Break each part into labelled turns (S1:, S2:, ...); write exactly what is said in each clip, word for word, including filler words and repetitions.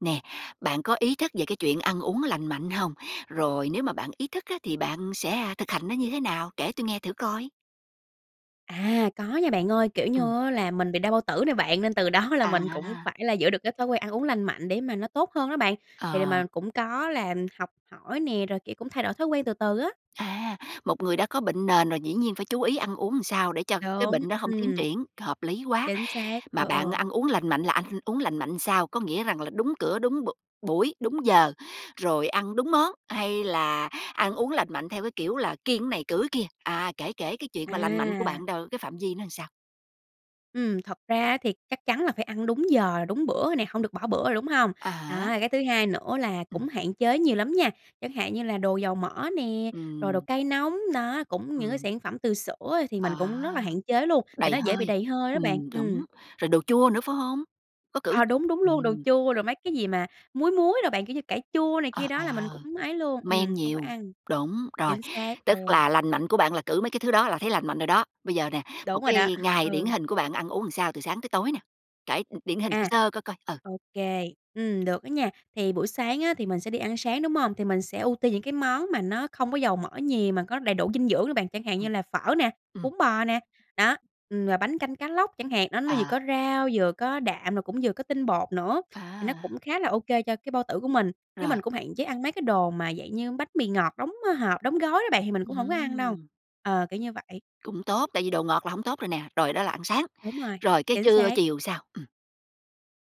S1: Nè, bạn có ý thức về cái chuyện ăn uống lành mạnh hông? Rồi nếu mà bạn ý thức á, thì bạn sẽ, à, thực hành nó như thế nào? Kể tui nghe thử coi.
S2: À, có nha bạn ơi, kiểu
S1: Ừm.
S2: như á, là mình bị đau bao tử nè bạn, nên từ đó là mình cũng
S1: À.
S2: phải là giữ được cái thói quen ăn uống lành mạnh, để mà nó tốt hơn đó bạn. Thì là
S1: Ờ.
S2: mình cũng có làm học hỏi nè, rồi, kiểu, cũng thay đổi thói quen từ từ á.
S1: À, một người đã có bệnh nền rồi dĩ nhiên phải chú ý ăn uống sao để cho cái
S2: Đúng,
S1: bệnh đó hông tiến
S2: ừm.
S1: triển, hợp lý quá.
S2: Chính xác,
S1: Mà
S2: ừ, ừ.
S1: bạn ăn uống lành mạnh là anh uống lành mạnh sao? Có nghĩa rằng là đúng cửa, đúng b buổi, đúng giờ, rồi ăn đúng món, hay là ăn uống lành mạnh theo cái kiểu là kiêng cái này, cữ cái kia, à, kể kể cái chuyện mà lành mạnh của
S2: À.
S1: bạn đâu, cái phạm vi nó sao?
S2: Ừm, thật ra á, thì chắc chắn là phải ăn đúng giờ, đúng bữa rồi nè, hông được bỏ bữa rồi, đúng hông?
S1: À
S2: Đó,
S1: há.
S2: rồi cái thứ hai nữa là
S1: Ừm.
S2: cũng hạn chế nhiều lắm nha, chẳng hạn như là đồ dầu mỡ nè, rồi đồ
S1: Ừm.
S2: cay nóng. Đó, cũng những cái
S1: Ừm.
S2: sản phẩm từ sữa thì mình
S1: À.
S2: cũng rất là hạn chế luôn, tại
S1: Đầy
S2: nó dễ bị
S1: hơi.
S2: đầy hơi đó bạn.
S1: Ừm,
S2: Ừm.
S1: đúng, rồi đồ chua nữa phải hông? Có cữ
S2: Ờ, đúng đúng luôn, đồ
S1: ừm.
S2: chua rồi mấy cái gì mà muối muối đồ bạn, kiểu như, cải chua này kia
S1: Ờ,
S2: đó là mình
S1: ờ.
S2: cũng ấy luôn, ừm,
S1: Men
S2: hổng có
S1: nhiều.
S2: ăn.
S1: Đúng, rồi,
S2: Chính xác, ừ.
S1: tức là lành mạnh của bạn là cữ mấy cái thứ đó là thấy lành mạnh rồi đó. Bây giờ nè, một
S2: Đúng rồi đó,
S1: cái ngày điển
S2: ừ.
S1: hình của bạn ăn uống làm sao từ sáng tới tối nè? Kể đ điển hình sơ
S2: À.
S1: sơ coi coi, ừ.
S2: Ô kê, ừm, được đó nha. Thì buổi sáng á, thì mình sẽ đi ăn sáng, đúng hông? Thì mình sẽ ưu tiên những cái món mà nó không có dầu mỡ nhiều mà có đầy đủ dinh dưỡng đó bạn, chẳng hạn như
S1: Ừm.
S2: là phở nè,
S1: Ừm.
S2: bún bò nè. Đó, ừm, và bánh canh cá lóc chẳng hạn. Đó, nó vừa
S1: Ờ.
S2: có rau, vừa có đạm, rồi cũng vừa có tinh bột nữa, thì nó
S1: À.
S2: cũng khá là ô kê cho cái bao tử của mình. Chứ
S1: Rồi.
S2: mình cũng hạn chế ăn mấy cái đồ mà dạng như bánh mì ngọt đóng, ờ, hộp, đóng gói đó bạn, thì mình cũng hổng có ăn đâu.
S1: Ừm.
S2: Ờ, kiểu như vậy.
S1: Cũng tốt, tại vì đồ ngọt là hổng tốt rồi nè. Rồi đó là ăn sáng.
S2: Đúng rồi.
S1: Rồi cái
S2: Chính
S1: trưa
S2: xác.
S1: chiều sao? Ừm.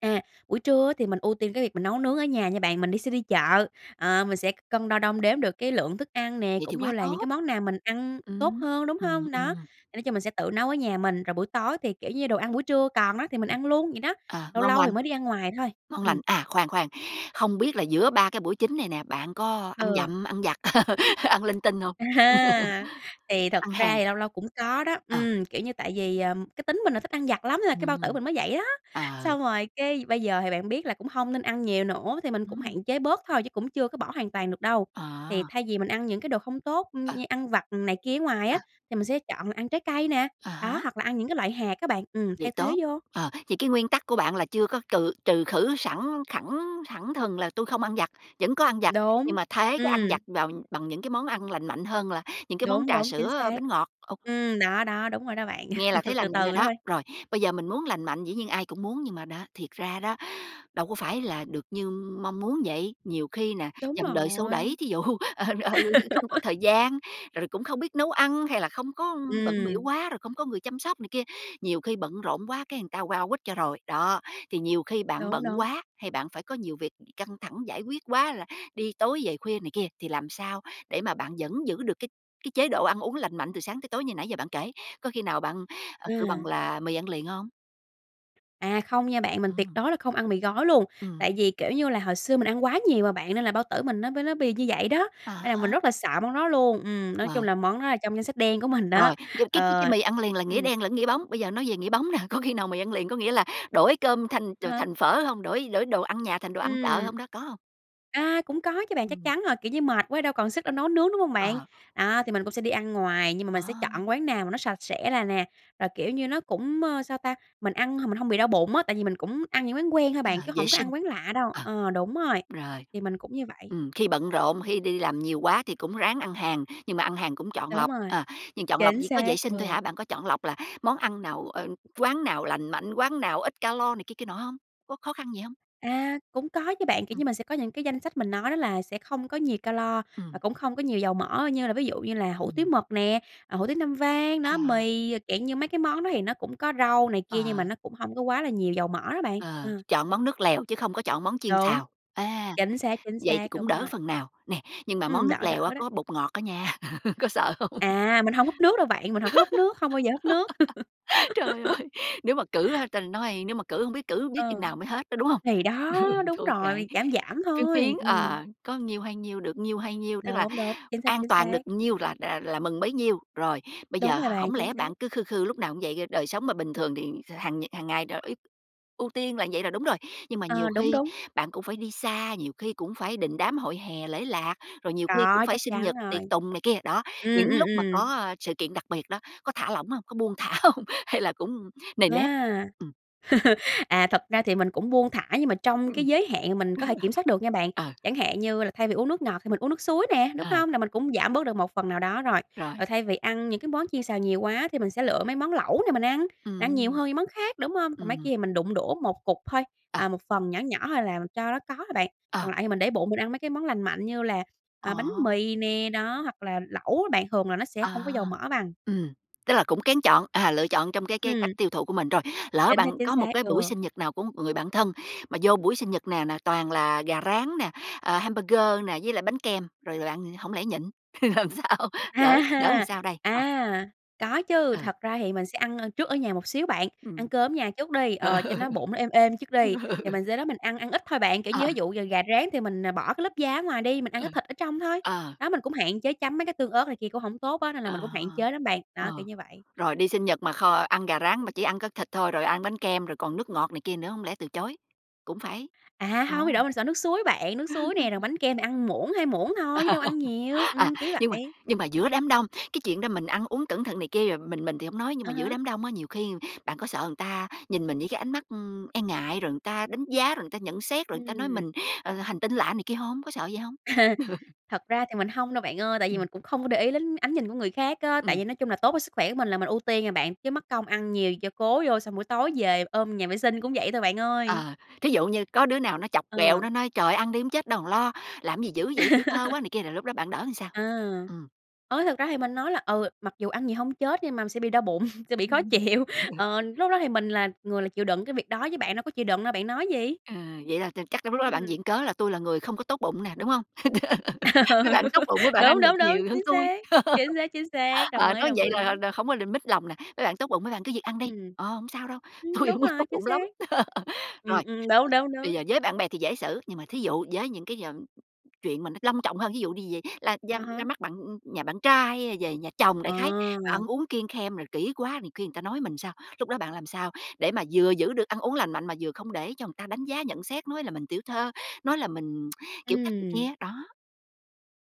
S2: À, buổi trưa á, thì mình ưu tiên cái việc mà nấu nướng ở nhà nha bạn, mình đi sẽ đi chợ, ờ, mình sẽ cân đo đong đếm được cái lượng thức ăn nè,
S1: Vậy
S2: cũng
S1: thì
S2: như
S1: quá
S2: là những cái
S1: tốt.
S2: món nào mình ăn tốt
S1: Ừm.
S2: hơn, đúng
S1: Ừm,
S2: hông? Đó,
S1: ừm.
S2: thì nói chung mình sẽ tự nấu ở nhà mình, rồi buổi tối thì, kiểu như, đồ ăn buổi trưa còn đó thì mình
S1: Ừm.
S2: ăn luôn vậy đó,
S1: Ờ,
S2: lâu
S1: ngon
S2: lâu
S1: lành,
S2: thì mới đi ăn ngoài thôi.
S1: ngon
S2: Ừm.
S1: lành. À, khoan khoan, không biết là giữa ba cái buổi chính này nè, bạn có ăn
S2: Ừ.
S1: dặm, ăn vặt, ăn linh tinh hông?
S2: A ha! Thì thật
S1: Ăn hàng.
S2: ra thì lâu lâu cũng có đó,
S1: Ờ.
S2: ừm, kiểu như, tại vì, ừm, cái tính mình là thích ăn vặt lắm nên là cái bao tử
S1: Ừm.
S2: mình mới vậy đó.
S1: Ờ.
S2: Xong rồi cái bây giờ thì bạn biết là cũng hông nên ăn nhiều nữa, thì mình cũng
S1: Ừm.
S2: hạn chế bớt thôi chứ cũng chưa có bỏ hoàn toàn được đâu. Thì
S1: À.
S2: thay vì mình ăn những cái đồ không tốt, ừm,
S1: Ờ.
S2: như ăn vặt này kia ở ngoài á,
S1: Ờ.
S2: thì mình sẽ chọn là ăn trái cây nè.
S1: À
S2: Đó,
S1: há.
S2: hoặc là ăn những cái loại hạt á bạn, ừm,
S1: Vậy
S2: thay thế
S1: tốt.
S2: vô.
S1: Ờ, thì cái nguyên tắc của bạn là chưa có cừ trừ khử sẵn khẳng thẳng thừng là tui không ăn vặt, vẫn có ăn vặt
S2: Đúng.
S1: nhưng mà thế cái ăn
S2: Ừm.
S1: vặt vào bằng những cái món ăn lành mạnh hơn là những cái món
S2: Đúng,
S1: trà
S2: đúng, chính
S1: sữa,
S2: xác.
S1: bánh ngọt, ô
S2: Ừm, đó, đó, đúng rồi đó bạn,
S1: Nghe là thấy
S2: từ
S1: lành mạnh rồi
S2: từ
S1: đó.
S2: thôi.
S1: Rồi, bây giờ mình muốn lành mạnh dĩ nhiên ai cũng muốn, nhưng mà đó, thiệt ra đó, đâu có phải là được như mong muốn vậy, nhiều khi nè,
S2: Đúng
S1: dòng đời xô đẩy,
S2: rồi.
S1: thí dụ, ờ, ừ, [unintelligible] không có thời gian, rồi cũng không biết nấu ăn, hay là không có bận bịu
S2: Ừm.
S1: quá rồi không có người chăm sóc này kia, nhiều khi bận rộn quá cái người ta qua quýt cho rồi. Đó, thì nhiều khi bạn
S2: Đúng,
S1: bận
S2: đúng.
S1: quá, hay bạn phải có nhiều việc căng thẳng giải quyết quá, là đi tối về khuya này kia, thì làm sao đề mà bạn vẫn giữ được cái cái chế độ ăn uống lành mạnh từ sáng tới tối như nãy giờ bạn kể, có khi nào bạn, ờ, kêu bằng
S2: À.
S1: là mì ăn liền hông?
S2: À, không nha bạn, mình tuyệt
S1: Ừm.
S2: đối là không ăn mì gói luôn,
S1: Ừm.
S2: tại vì, kiểu như là, hồi xưa mình ăn quá nhiều mà bạn nên là bao tử mình nó bới nó bị như vậy đó,
S1: À
S2: nên là mình
S1: há.
S2: rất là sợ món đó luôn, ừm, nói
S1: Ờ.
S2: chung là món đó là trong danh sách đen của mình đó,
S1: Rồi, nhưng mà cái cái cái
S2: ờ.
S1: mì ăn liền là nghĩa
S2: Ừm.
S1: đen lẫn nghĩa bóng. Bây giờ nói về nghĩa bóng nè, có khi nào mì ăn liền có nghĩa là đổi cơm thành ch
S2: À há.
S1: thành phở hông? Đổi đổi đồ ăn nhà thành đồ ăn chợ
S2: Ừm.
S1: hông đó, có hông?
S2: A, cũng có chứ bạn, chắc
S1: Ừm.
S2: chắn rồi, kiểu như, mệt quá đâu còn sức đâu nấu nướng, đúng hông bạn?
S1: Ờ.
S2: Đó, thì mình cũng sẽ đi ăn ngoài, nhưng mà
S1: Ờ.
S2: mình sẽ chọn quán nào mà nó sạch sẽ là nè, rồi, kiểu như, nó cũng, ơ, sao ta? Mình ăn h mình hông bị đau bụng á, tại vì mình cũng ăn những quán quen thôi
S1: Ờ,
S2: bạn, chứ
S1: vệ
S2: hổng có
S1: sinh.
S2: ăn quán lạ đâu,
S1: Ờ.
S2: ờ, đúng rồi.
S1: Rồi.
S2: Thì mình cũng như vậy.
S1: Ừm, khi bận rộn, khi đi làm nhiều quá thì cũng ráng ăn hàng, nhưng mà ăn hàng cũng chọn
S2: Đúng
S1: lọc,
S2: rồi.
S1: ờ, nhưng chọn lọc
S2: Chính
S1: chỉ có
S2: xác,
S1: vệ sinh thôi
S2: ừ.
S1: hả? Bạn có chọn lọc là món ăn nào, ờ, quán nào lành mạnh, quán nào ít ca-lo này kia, kia nọ hông? Có khó khăn gì hông?
S2: À, cũng có chứ bạn, kiểu
S1: Ừm.
S2: như, mình sẽ có những cái danh sách mình nói đó là sẽ không có nhiều ca-lo, và
S1: Ừm.
S2: cũng không có nhiều dầu mỡ, như là ví dụ như là hủ tiếu
S1: Ừm.
S2: mực nè, ờ, hủ tiếu Nam Vang. Đó,
S1: À.
S2: mì, rồi dạng như mấy cái món đó thì nó cũng có rau này kia, nhưng mà
S1: Ờ.
S2: nó cũng hông có quá là nhiều dầu mỡ đó bạn,
S1: Ờ,
S2: ờ.
S1: chọn món nước lèo chứ không có chọn món chiên
S2: Đúng.
S1: xào, à,
S2: Chính xác, chính
S1: vậy thì
S2: xác,
S1: cũng
S2: đúng
S1: đỡ
S2: rồi.
S1: phần nào. Nè, nhưng mà
S2: Ừm,
S1: món nước
S2: đỡ
S1: lèo á,
S2: đỡ đó.
S1: có bột ngọt á nha, có sợ hông?
S2: À, mình hông húp nước đâu bạn, mình hổng có húp nước, không bao giờ húp nước.
S1: Trời ơi! Nếu mà cữ á ta nói nếu mà cữ, hổng biết cữ biết chừng
S2: Ờ.
S1: nào mới hết đó, đúng hông?
S2: Thì đó,
S1: Ừ,
S2: đúng
S1: thôi kệ,
S2: rồi, giảm giảm
S1: phiến phiến,
S2: thôi, ừm.
S1: ờ, có nhiêu hay nhiêu, được nhiêu hay nhiêu, tức là
S2: Đúng, đúng, chính xác,
S1: an
S2: chính
S1: toàn
S2: xác.
S1: được nhiêu là rà là mừng bấy nhiêu. Rồi, bây
S2: Đúng
S1: giờ
S2: rồi bạn,
S1: hổng
S2: chính
S1: lẽ
S2: xác.
S1: bạn cứ khư khư lúc nào cũng vậy? Do đời sống mà bình thường thì kh hàng nh hàng ngày tr ý ưu tiên là vậy là đúng rồi, nhưng mà nhiều
S2: Ờ, đúng,
S1: khi
S2: đúng.
S1: bạn cũng phải đi xa, nhiều khi cũng phải đình đám hội hè, lễ lạc, rồi nhiều khi cũng
S2: Có,
S1: phải
S2: chắc
S1: sinh
S2: chắn
S1: nhật,
S2: rồi.
S1: tiệc tùng này kia. Đó,
S2: Ừm,
S1: những
S2: ừm,
S1: lúc mà có,
S2: ừm.
S1: a, sự kiện đặc biệt đó, có thả lỏng hông? Có buông thả hông? Hay là cũng nề nếp?
S2: A!
S1: Ừm.
S2: À, thật ra thì mình cũng buông thả nhưng mà trong
S1: Ừm.
S2: cái giới hạn mình có thể kiểm soát được nha bạn,
S1: Ờ.
S2: chẳng hạn như là thay vì uống nước ngọt thì mình uống nước suối nè, đúng
S1: Ờ.
S2: hông? Là mình cũng giảm bớt được một phần nào đó rồi,
S1: Rồi.
S2: rồi thay vì ăn những cái món chiên xào nhiều quá thì mình sẽ lựa mấy món lẩu nè mình ăn, ăn nhiều
S1: Ừm.
S2: hơn những món khác, đúng hông? Còn mấy
S1: Ừm.
S2: kia thì mình đụng đũa một cục thôi,
S1: Ờ.
S2: à, một phần nhỏ nhỏ thôi là cho nó có thôi bạn.
S1: Ờ.
S2: Còn lại thì mình để bụng, mình ăn mấy cái món lành mạnh như là, à, bánh
S1: À.
S2: mì nè. Đó, hoặc là lẩu á bạn, thường là nó sẽ hông có
S1: À.
S2: dầu mỡ bằng.
S1: Ừm, tức là cũng kén chọn, à, lựa chọn trong cái cái cách
S2: Ừm.
S1: tiêu thụ của mình. Rồi, lỡ
S2: Chính xác,
S1: bạn
S2: chính
S1: có một
S2: xác,
S1: cái buổi
S2: ừ.
S1: sinh nhật nào của một người bạn thân, mà vô buổi sinh nhật nè nà toàn là gà rán nè, ờ, hamburger nè, với lại bánh kem, rồi là bạn hổng lẽ nhịn? Làm sao?
S2: A
S1: Đỡ đỡ làm
S2: ha!
S1: sao đây? Ờ.
S2: À. Có chứ,
S1: Ừ.
S2: thật ra thì mình sẽ ăn, ơ, trước ở nhà một xíu bạn, ăn
S1: Ừm.
S2: cơm ở nhà trước đi,
S1: Ờ.
S2: ờ, cho nó bụng nó êm êm trước
S1: Ừ.
S2: đi. Thì mình sau đó mình ăn ăn ít thôi bạn, kiểu như,
S1: Ờ.
S2: thí dụ giờ gà rán thì mình, ờ, bỏ cái lớp da ở ngoài đi, mình ăn
S1: Ờ.
S2: cái thịt ở trong thôi.
S1: Ờ.
S2: Đó, mình cũng hạn chế chấm mấy cái tương ớt này kia cũng hổng tốt á, nên là mình
S1: À.
S2: cũng hạn chế lắm bạn. Đó, kiểu
S1: Ờ,
S2: như vậy.
S1: rồi đi sinh nhật mà kho ăn gà rán, mà chỉ ăn có thịt thôi, rồi ăn bánh kem, rồi còn nước ngọt này kia nữa hổng lẽ từ chối? Cũng phải
S2: À,
S1: ờ.
S2: hông, bị đổ mình sợ nước suối bạn, nước suối nè, rồi bánh kem mình ăn muỗng, hai muỗng thôi chứ
S1: Ờ.
S2: đâu ăn nhiều,
S1: À,
S2: ừm, kiểu
S1: nhưng mà
S2: vậy.
S1: nhưng mà giữa đám đông, cái chuyện đó mình ăn uống cẩn thận này kia rồi mình mình thì hổng nói, nhưng
S2: À
S1: mà giữa
S2: há.
S1: đám đông á, nhiều khi bạn có sợ người ta nhìn mình với cái ánh mắt, ừm, e ngại, rồi người ta đánh giá, rồi người ta nhận xét, rồi người ta nói
S2: Ừm.
S1: mình, ờ, hành tinh lạ này kia hông? Có sợ vậy hông?
S2: Thật ra thì mình hông đâu bạn ơi, tại vì mình
S1: Ừm.
S2: cũng không có để ý đến ánh nhìn của người khác á, tại
S1: Ừm.
S2: vì nói chung là tốt cho sức khỏe của mình là mình ưu tiên à bạn, chứ mắc công ăn nhiều cho cố vô, xong buổi tối về ôm nhà vệ sinh cũng vậy thôi bạn ơi.
S1: Ờ, thí dụ như có đứa nào nó chọc ghẹo, nó
S2: Ờ.
S1: nói: "Trời ơi! Ăn đi không chết đâu lo, làm gì dữ vậy, tiểu thư quá" này kia, rồi lúc đó bạn đỡ sao?
S2: À.
S1: Ừm.
S2: Ôi! Thật ra thì mình nói là "Ừ, mặc dù ăn nhiều hông chết nhưng mà mình sẽ bị đau bụng, sẽ bị khó
S1: Ừm
S2: chịu,
S1: [unintelligible]
S2: ờ, lúc đó thì mình là người là chịu đựng cái việc đó, chứ bạn đâu có chịu đựng đâu, bạn nói gì?"
S1: Ờ, vậy là ch chắc là lúc đó bạn
S2: Ừm.
S1: viện cớ là "Tôi là người không có tốt bụng" nè, đúng hông? "Mấy bạn tốt bụng mấy bạn
S2: Đúng,
S1: ăn được
S2: đúng, đúng,
S1: nhiều hơn
S2: chính
S1: tui."
S2: xác. Chính xác, chính xác, đồng
S1: Ờ,
S2: ý,
S1: nói
S2: đồng
S1: vậy là
S2: ý.
S1: đ không có đ mất lòng nè, "Mấy bạn tốt bụng mấy bạn cứ việc ăn đi,
S2: Ừm.
S1: ờ, hổng sao đâu,
S2: Ừm,
S1: tôi
S2: đúng
S1: hông có tốt
S2: rồi, chính
S1: bụng lắm".
S2: xác. Ừm,
S1: Rồi,
S2: ừm, đúng, đúng,
S1: bây
S2: đúng.
S1: giờ với bạn bè thì dễ xử, nhưng mà thí dụ với những cái d chuyện mà nó long trọng hơn, thí dụ đi về la ra
S2: À
S1: ra
S2: há.
S1: mắt bạn, ưm, nhà bạn trai hay là về nhà chồng đại khái, mà ăn
S2: À.
S1: uống kiêng khem rồi kỹ quá nhiều khi người ta nói mình sao? Lúc đó bạn làm sao để mà vừa giữ được ăn uống lành mạnh, mà vừa không để cho người ta đánh giá nhận xét nói là mình tiểu thư, nói là mình kiểu cách này kia
S2: Ừm.
S1: á? Đó.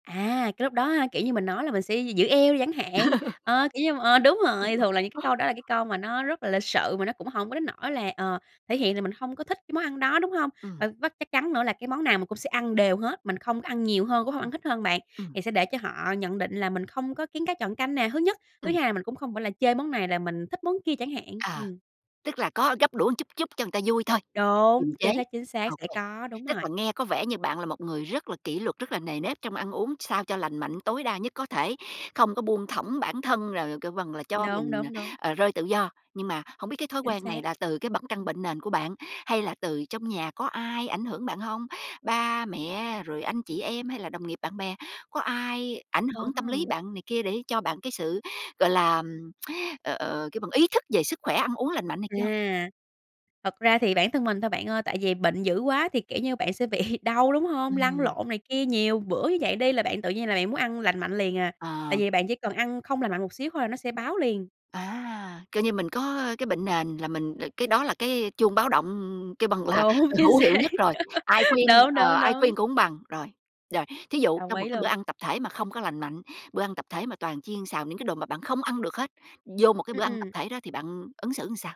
S2: À, cái lúc đó ha, kiểu như, mình nói là mình sẽ gi giữ eo đi chẳng hạn, ờ, kiều như, mà, ờ, đúng rồi, thường là những cái câu đó là cái câu mà nó rất là lịch sự, mà nó cũng hổng có đến nỗi là, ờ, thể hiện là mình hông có thích cái món ăn đó, đúng hông? Và
S1: Ừm.
S2: với chắc chắn nữa là cái món nào mình cũng sẽ ăn đều hết, mình không có ăn nhiều hơn, cũng hông ăn
S1: Ừm,
S2: hít hơn bạn,
S1: ừm.
S2: thì sẽ để cho họ nhận định là mình không có kén cá chọn canh nè thứ nhất, thứ
S1: Ừm.
S2: hai là mình cũng không phải là chê món này là mình thích món kia chẳng hạn,
S1: Ờ.
S2: ừm.
S1: Tức là có gắp đũa chút chút cho người ta vui thôi,
S2: Đúng,
S1: kiềm chế.
S2: chính xác, chính xác,
S1: Ô
S2: sẽ
S1: kê,
S2: có, đúng
S1: tức
S2: rồi.
S1: là nghe có vẻ như bạn là một người rất là kỷ luật, rất là nề nếp trong ăn uống sao cho lành mạnh tối đa nhất có thể, không có buông thõng bản thân, rồi kêu bằng là cho
S2: Đúng,
S1: mình, ờ,
S2: đúng, đúng.
S1: ờ, rơi tự do. Nhưng mà hổng biết cái thói
S2: Chính
S1: quen này
S2: xác.
S1: là từ cái bẩn căn bệnh nền của bạn? Hay là từ trong nhà có ai ảnh hưởng bạn hông? Ba mẹ, rồi anh chị em, hay là đồng nghiệp, bạn bè, có ai ảnh
S2: Ờ
S1: hưởng tâm lý
S2: ha.
S1: bạn này kia để cho bạn cái sự, gọi là, ừm, ờ, ờ, kêu bằng ý thức về sức khỏe ăn uống lành mạnh này kia hông?
S2: À. Thật ra thì bản thân mình thôi bạn ơi, tại vì bệnh dữ quá thì, kiểu như, bạn sẽ bị đau, đúng hông? Lăn
S1: Ừm.
S2: lộn này kia nhiều bữa như vậy đi, là bạn tự nhiên là bạn muốn ăn lành mạnh liền à, tại
S1: Ờ.
S2: vì bạn chỉ cần ăn không lành mạnh một xíu thôi nó sẽ báo liền.
S1: À. Coi như mình có cái bệnh nền là mình ờ, cái đó là cái chuông báo động kêu bằng là
S2: Đúng, chính
S1: hữu hiệu
S2: xác.
S1: nhất rồi, ai khuyên,
S2: Đúng,
S1: ờ,
S2: đúng,
S1: ai
S2: đúng.
S1: khuyên cũng hông bằng. Rồi, rồi thí dụ
S2: Đồng
S1: trong một
S2: ý
S1: cái bữa
S2: luôn.
S1: ăn tập thể mà không có lành mạnh, bữa ăn tập thể mà toàn chiên xào những cái đồ mà bạn không ăn được hết, vô một cái
S2: Ừm,
S1: bữa ăn tập
S2: ừm.
S1: thể đó thì bạn ứng xử sao?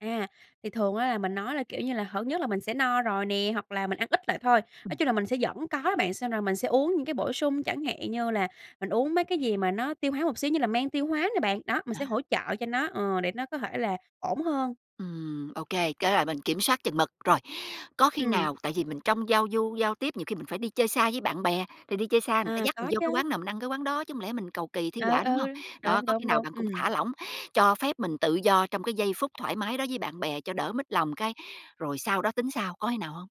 S2: À, thì thường á là mình nói là, kiểu như là, hở nhất là mình sẽ no rồi nè, hoặc là mình ăn ít lại thôi. Nói
S1: Ừm.
S2: chung là mình sẽ vẫn có đó bạn, xem rồi mình sẽ uống những cái bổ sung, chẳng hạn như là mình uống mấy cái gì mà nó tiêu hóa một xíu, như là men tiêu hóa nè bạn. Đó, mình
S1: À.
S2: sẽ hỗ trợ cho nó, ờ, để nó có thể là ổn hơn.
S1: Ừm, ô kê, cái là mình kiểm soát chừng mực. Rồi, có khi
S2: Ừm.
S1: nào tại vì mình trong giao du, giao tiếp nhiều khi mình phải đi chơi xa với bạn bè, thì đi chơi xa người ta
S2: À,
S1: dắt mình
S2: có
S1: vô cái
S2: chớ.
S1: quán nào mình ăn cái quán đó, chứ hổng lẽ mình cầu kỳ thi
S2: Ừ,
S1: họa,
S2: ừ.
S1: đúng hông? Đó,
S2: Đúng,
S1: có khi
S2: đúng,
S1: nào
S2: đúng,
S1: bạn cũng
S2: ừm.
S1: thả lỏng, cho phép mình tự do trong cái giây phút thoải mái đó với bạn bè cho đỡ mất lòng, cái rồi sau đó tính sau, có khi nào hông?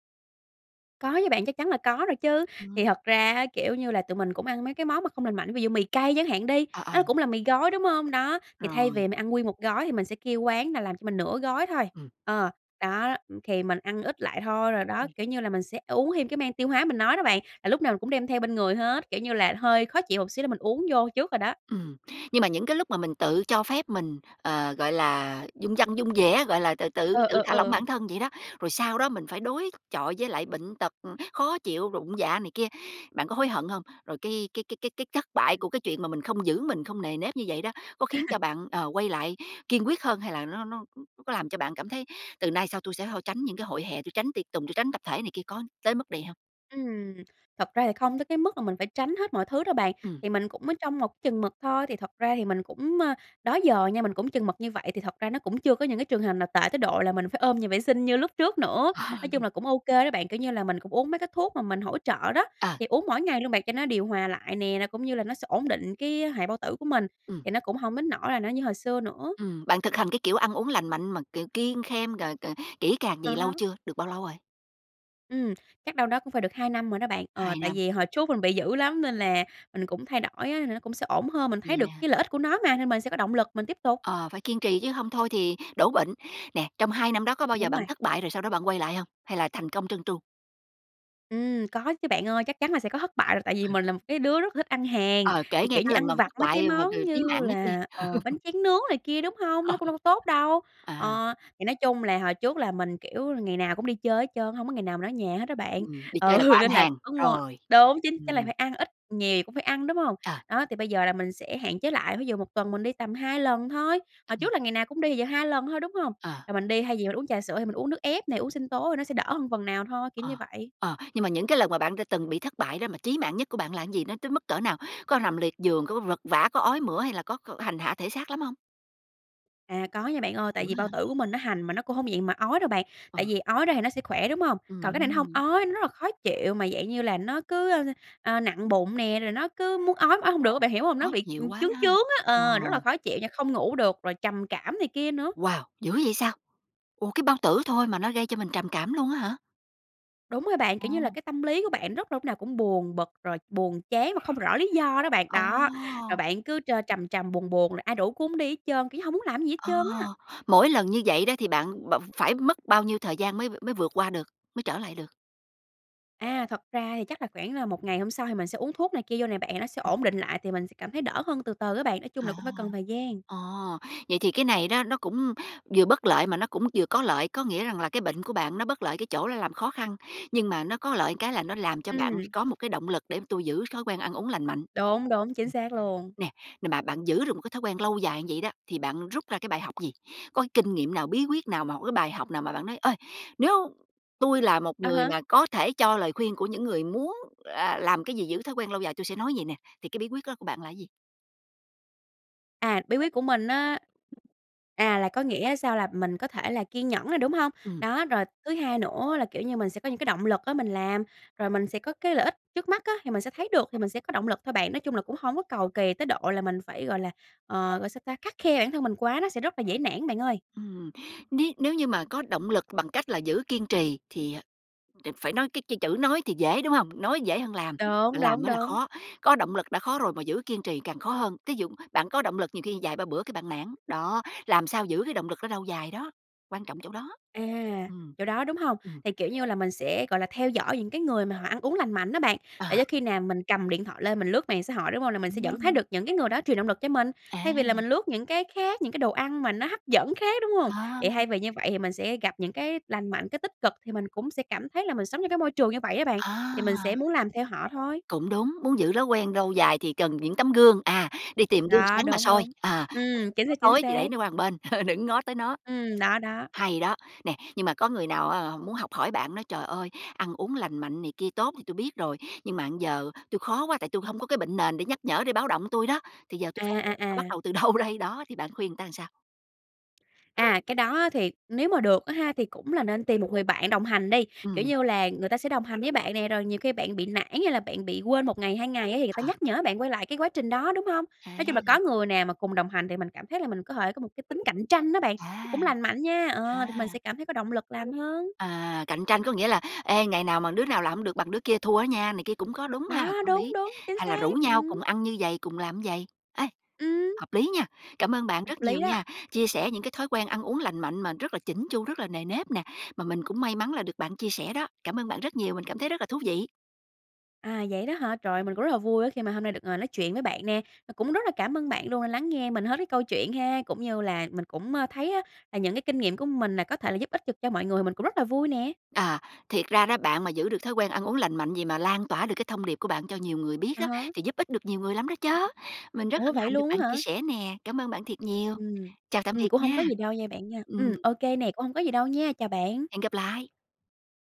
S2: Có chứ bạn, chắc chắn là có rồi chứ.
S1: Ừm.
S2: Thì thật ra á, kiểu như là, tụi mình cũng ăn mấy cái món mà không lành mạnh, ví dụ mì cay chẳng hạn đi,
S1: Ờ,
S2: nó
S1: ờ.
S2: cũng là mì gói, đúng hông? Đó, thì thay vì
S1: Rồi.
S2: mình ăn nguyên một gói, thì mình sẽ kêu quán là làm cho mình nửa gói thôi,
S1: Ừm.
S2: ờ, đó, đó, ừm, thì mình ăn ít lại thôi. Rồi đó,
S1: Ừm.
S2: kiểu như là, mình sẽ uống thêm cái men tiêu hóa mình nói đó bạn, là lúc nào mình cũng đem theo bên người hết, kiểu như là, hơi khó chịu một xíu là mình uống vô trước rồi đó.
S1: Ừm, nhưng mà những cái lúc mà mình tự cho phép mình, ờ, gọi là, dung dăng dung dẻ, gọi là, tự tự
S2: Ừ,
S1: tự
S2: ừ,
S1: thả lỏng
S2: ừ.
S1: bản thân vậy đó, rồi sau đó mình phải đối chọi với lại bệnh tật, ừm, khó chịu rụng dạ này kia, bạn có hối hận hông? Rồi cái cái cái cái cái thất bại
S2: Ừm.
S1: của cái chuyện mà mình không giữ mình, không nề nếp như vậy đó có khiến cho bạn, ờ, quay lại kiên quyết hơn? Hay là nó nó c c có làm cho bạn cảm thấy từ nay sau tôi sẽ hô tránh những cái hội hè, tôi tránh tiệc tùng, tôi tránh tập thể này kia, có tới mức đè hông?
S2: Ừm. Thật ra thì không tới cái mức là mình phải tránh hết mọi thứ đâu bạn,
S1: Ừm.
S2: thì mình cũng ở trong một chừng mực thôi, thì thật ra thì mình cũng, ơ, đó giờ nha, mình cũng chừng mực như vậy, thì thật ra nó cũng chưa có những cái trường hợp nào tệ tới độ, là mình phải ôm nhà vệ sinh như lúc trước nữa. Nói chung
S1: Ờ.
S2: là cũng ô kê đó bạn, kiểu như là, mình cũng uống mấy cái thuốc mà mình hỗ trợ đó,
S1: Ờ.
S2: thì uống mỗi ngày luôn bạn cho nó điều hòa lại nè, là cũng như là nó sẽ ổn định cái, a, hệ bao tử của mình,
S1: Ừm.
S2: thì nó cũng hổng đến nỗi là nó như hồi xưa nữa.
S1: Ừm. Bạn thực hành cái, kiểu, ăn uống lành mạnh mà, kiểu, kiêng khem g g kỹ càng
S2: À
S1: vầy lâu
S2: há.
S1: chưa? Được bao lâu rồi?
S2: Ừm, chắc đâu đó cũng phải được hai năm rồi đó bạn, ờ,
S1: hai
S2: tại
S1: năm.
S2: vì hồi trước mình bị dữ lắm nên là mình cũng thay đổi á, nên nó cũng sẽ ổn hơn, mình
S1: Vậy
S2: thấy được
S1: à.
S2: cái lợi ích của nó mà, nên mình sẽ có động lực mình tiếp tục.
S1: Ờ, phải kiên trì chứ hông thôi thì đổ bệnh. Nè, trong hai năm đó có bao giờ
S2: Đúng
S1: bạn
S2: rồi.
S1: thất bại rồi sau đó bạn quay lại hông? Hay là thành công trơn tru?
S2: Ừm, có chứ bạn ơi, chắc chắn là sẽ có thất bại rồi, tại vì
S1: Ừ.
S2: mình là một cái đứa rất là thích ăn hàng,
S1: Ờ,
S2: thì,
S1: kề nghe
S2: kiểu như,
S1: cái lần
S2: ăn
S1: đầu
S2: vặt
S1: thất
S2: mấy cái
S1: bại mà
S2: món
S1: c chí
S2: như
S1: mạng nhất đi.
S2: là, ờ, bánh tráng nướng này kia, đúng hông?
S1: Ờ,
S2: Nó cũng
S1: ờ.
S2: đâu có tốt đâu.
S1: Ờ.
S2: Ờ, thì nói chung là hồi trước là mình, kiểu, là ngày nào cũng đi chơi hết trơn á, hổng có ngày nào mình ở nhà hết đó bạn,
S1: Ừm, đi chơi là có
S2: ừ,
S1: ăn
S2: nên là
S1: hàng.
S2: có mua
S1: Rồi.
S2: đúng chính chắc là phải
S1: Ừm.
S2: ăn, ít nhiều gì cũng phải ăn, đúng hông?
S1: Ờ.
S2: Đó, thì bây giờ là mình sẽ hạn chế lại, ví dụ một tuần mình đi tầm hai lần thôi, hồi
S1: Ờ.
S2: trước là ngày nào cũng đi, giờ hai lần thôi, đúng hông?
S1: Ờ.
S2: Rồi mình đi thay vì là uống trà sữa thì mình uống nước ép nè, uống sinh tố thì nó sẽ đỡ hơn phần nào thôi, kiểu như
S1: Ờ.
S2: vậy.
S1: Ờ. Nhưng mà những cái lần mà bạn đã từng bị thất bại đó, mà chí mạng nhất của bạn là gì? Nó tới mức cỡ nào? Có rằm liệt giường, có vật vã, có ói mửa, hay là có có hành hạ thể xác lắm hông?
S2: À, có nha bạn ơi, tại
S1: Dữ
S2: vì bao
S1: ha.
S2: tử của mình nó hành mà nó cũng hổng dạng mà ói đâu bạn,
S1: Ờ.
S2: tại vì ói ra thì nó sẽ khỏe, đúng hông? Còn cái này nó hông
S1: Ừm.
S2: ói, nó rất là khó chịu, mà dạng như là nó cứ, ơ, ơ, ờ, nặng bụng nè, rồi nó cứ muốn ói mà ói hông được á, bạn hiểu hông?
S1: Khó
S2: Nó bị,
S1: chịu
S2: ừm,
S1: quá
S2: chướng
S1: ha.
S2: chướng á,
S1: Ờ.
S2: ờ, rất là khó chịu nha, không ngủ được, rồi trầm cảm này kia nữa.
S1: Wow! Dữ vậy sao? Ủa, cái bao tử thôi mà nó gây cho mình trầm cảm luôn á hả?
S2: Đúng rồi bạn, kiểu như là,
S1: Ồ.
S2: cái tâm lý của bạn rất là lúc nào cũng buồn bực, rồi buồn chán mà không rõ lý do đó bạn.
S1: Ồ!
S2: Đó, rồi bạn cứ trơ trầm trầm buồn buồn, rồi ai rủ cũng hổng đi hết trơn, kiểu như, hổng muốn làm cái gì hết
S1: À!
S2: trơn á.
S1: Mỗi lần như vậy đó, thì bạn bạn phải mất bao nhiêu thời gian mới v mới vượt qua được? Mới trở lại được?
S2: A, thật ra thì chắc là khoảng là một ngày hôm sau thì mình sẽ uống thuốc này kia vô nè bạn, thì nó sẽ
S1: Ừm.
S2: ổn định lại, thì mình sẽ cảm thấy đỡ hơn từ từ á bạn, nói chung là
S1: À.
S2: cũng phải cần thời gian.
S1: Ờ, vậy thì cái này đó nó cũng vừa bất lợi mà nó cũng vừa có lợi. Có nghĩa rằng là cái bệnh của bạn nó bất lợi cái chỗ là làm khó khăn, nhưng mà nó có lợi ừn cái, là nó làm cho bạn
S2: Ừm.
S1: có một cái động lực, để tôi giữ thói quen ăn uống lành mạnh.
S2: Đúng, đúng, chính
S1: Ừm,
S2: xác luôn.
S1: nè nè mà bạn giữ được một cái thói quen lâu dài như vậy đó, thì bạn rút ra cái bài học gì? Có cái kinh nghiệm nào? Bí quyết nào? Một cái bài học nào? Mà bạn nói: "Ơi, nếu tui là một
S2: À
S1: người
S2: há.
S1: mà có thể cho lời khuyên của những người muốn là làm cái gì giữ thói quen lâu dài, tui sẽ nói vầy nè", thì cái bí quyết đó của bạn là cái gì?
S2: À, bí quyết của mình á À, là có nghĩa sao là mình có thể là kiên nhẫn nè, đúng hông?
S1: Ừm.
S2: Đó, rồi thứ hai nữa là, kiểu như, mình sẽ có những cái động lực á mình làm, rồi mình sẽ có cái lợi ích trước mắt á, thì mình sẽ thấy được thì mình sẽ có động lực thôi bạn. Nói chung là cũng hổng có cầu kỳ tới độ là mình phải, gọi là, ờ, gọi sao ta? Khắt khe bản thân mình quá nó sẽ rất là dễ nản bạn ơi.
S1: Ừm. Ní nếu như mà có động lực bằng cách là giữ kiên trì thì, ờ, đ phải nói cái cái chữ nói thì dễ, đúng hông? Nói dễ hơn làm,
S2: Đúng,
S1: mà làm
S2: đúng,
S1: mới là
S2: đúng.
S1: khó, có động lực đã khó rồi mà giữ kiên trì càng khó hơn, thí dụ bạn có động lực nhiều khi vài ba bữa cái bạn nản. Đó, làm sao giữ cái động lực đó lâu dài đó, quan trọng chỗ đó.
S2: À,
S1: Ừm.
S2: chỗ đó, đúng hông?
S1: Ừm.
S2: Thì, kiểu như là, mình sẽ, gọi là, theo dõi những cái người mà họ ăn uống lành mạnh á bạn,
S1: Ờ.
S2: để cho khi nào mình cầm điện thoại lên mình lướt mạng xã hội, đúng hông? Là mình sẽ vẫn thấy
S1: Ừm.
S2: được những cái người đó truyền động lực cho mình,
S1: À.
S2: thay vì là mình lướt những cái khác, những cái đồ ăn mà nó hấp dẫn khác, đúng hông?
S1: Ờ.
S2: Thì thay vì như vậy thì mình sẽ gặp những cái lành mạnh, cái tích cực, thì mình cũng sẽ cảm thấy là mình sống trong cái môi trường như vậy á bạn, thì mình sẽ
S1: À.
S2: muốn làm theo họ thôi.
S1: Cũng đúng. Muốn giữ rói quen lâu dài thì cần những tấm gương, à, đi tìm gương
S2: Đó,
S1: sáng mà
S2: đúng,
S1: soi,
S2: đúng.
S1: ờ, [unintelligible]
S2: Ừm, chính
S1: nó
S2: xác, chính
S1: tối thì
S2: xác.
S1: để nó qua một bên, đừng ngó tới nó.
S2: Ừm, đó, đó.
S1: Hay đó, nè, nhưng mà có người nào á, họ muốn học hỏi bạn, nói: "Trời ơi! Ăn uống lành mạnh này kia tốt thì tui biết rồi, nhưng mà giờ tui khó quá, tại tui hổng có cái bệnh nền để nhắc nhở để báo động tui đó, thì giờ tui
S2: À,
S1: phải làm sao,
S2: à,
S1: bắt
S2: à.
S1: đầu từ đâu đây?". Đó, thì bạn khuyên người ta sao?
S2: À, cái đó á thì nếu mà được á ha, thì cũng là nên tìm một người bạn đồng hành đi, kiểu
S1: Ừm.
S2: như là, người ta sẽ đồng hành với bạn nè, rồi nhiều khi bạn bị nản hay là bạn bị quên một ngày, hai ngày á, thì người ta
S1: Ờ.
S2: nhắc nhở bạn quay lại cái quá trình đó, đúng hông? Nói chung là có
S1: À.
S2: người nào mà cùng đồng hành, thì mình cảm thấy là mình có thể có một cái tính cạnh tranh đó bạn, nó
S1: À.
S2: cũng lành mạnh nha, ờ, thì mình
S1: À.
S2: sẽ cảm thấy có động lực làm hơn.
S1: À, cạnh tranh có nghĩa là "Ê, ngày nào mà đứa nào làm hổng được bằng đứa kia thua á nha" này kia, cũng có đúng ha,
S2: Đó,
S1: có
S2: đúng,
S1: lý,
S2: đúng, chính
S1: hay là rủ
S2: xác,
S1: nhau
S2: ừm.
S1: cùng ăn như vầy, cùng làm như vầy. Ê,
S2: Ừm.
S1: hợp lý nha. Cảm ơn bạn
S2: Hợp
S1: rất
S2: lý
S1: nhiều
S2: đó.
S1: nha, chia sẻ những cái thói quen ăn uống lành mạnh mà rất là chỉn chu, rất là nề nếp nè, mà mình cũng may mắn là được bạn chia sẻ đó, cảm ơn bạn rất nhiều, mình cảm thấy rất là thú vị.
S2: À, vậy đó hả? Trời ơi! Mình cũng rất là vui á, khi mà hôm nay được ngồi nói chuyện với bạn nè, và cũng rất là cảm ơn bạn luôn đã lắng nghe mình hết cái câu chuyện ha, cũng như là mình cũng, ơ, thấy á, là những cái kinh nghiệm của mình nè, có thể là giúp ích chụp cho mọi người thì mình cũng rất là vui nè.
S1: Ờ, thiệt ra đó bạn mà giữ được thói quen ăn uống lành mạnh vậy, mà lan tỏa được cái thông điệp của bạn cho nhiều ngươi biết
S2: À
S1: đó,
S2: há.
S1: thì giúp ích được nhiều người lắm đó chớ. Mình rất
S2: Ủa,
S1: hân
S2: vậy
S1: hạnh được
S2: luôn
S1: bạn
S2: á
S1: chia
S2: hả?
S1: sẻ nè, cám ơn bạn thiệt nhiều.
S2: Ừm.
S1: Chào tạm
S2: Ừm,
S1: biệt
S2: cũng hổng
S1: nha.
S2: có gì đâu nha bạn nha, ừm,
S1: Ừm.
S2: ô kê nè, cũng hổng có gì đâu nha, chào bạn.
S1: Hẹn gặp lại.